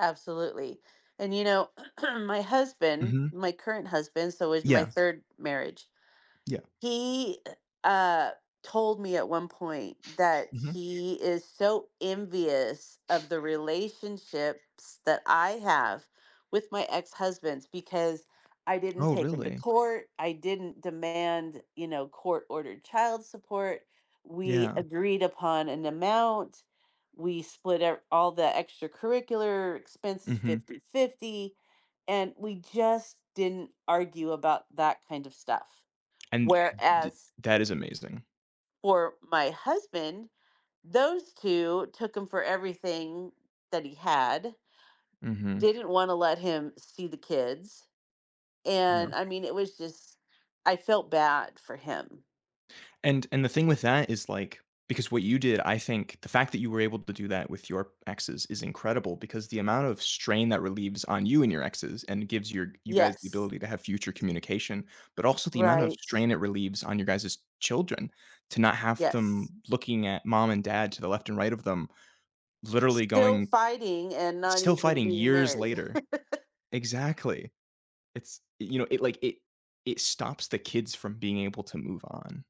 Absolutely, and you know, my husband, Mhm my current husband, so is my Yeah. 3rd marriage. Yeah He, uh, told me at one point that Mhm. he is so envious of the relationships that I have with my ex-husbands because I didn't Oh, take him to really? court. I didn't demand, you know, court-ordered child support. We Yeah. agreed upon an amount. We split up all the extracurricular expenses Mhm. 50/50, and we just didn't argue about that kind of stuff, And th whereas that is amazing. for my husband, those two took him for everything that he had, Mhm. didn't want to let him see the kids, Yeah. and I mean, it was just I felt bad for him. And and the thing with that is, like, because what you did, I think the fact that you were able to do that with your exes is incredible because the amount of strain that relieves on you and your exes and gives your you guys the Yes. ability to have future communication, but also the amount of Right. strain it relieves on your guys' children to not have them Yes. looking at mom and dad to the left and right of them, literally Still going fighting and not still even fighting being years married. later. Exactly. It's, you know, it, like, it it stops the kids from being able to move on.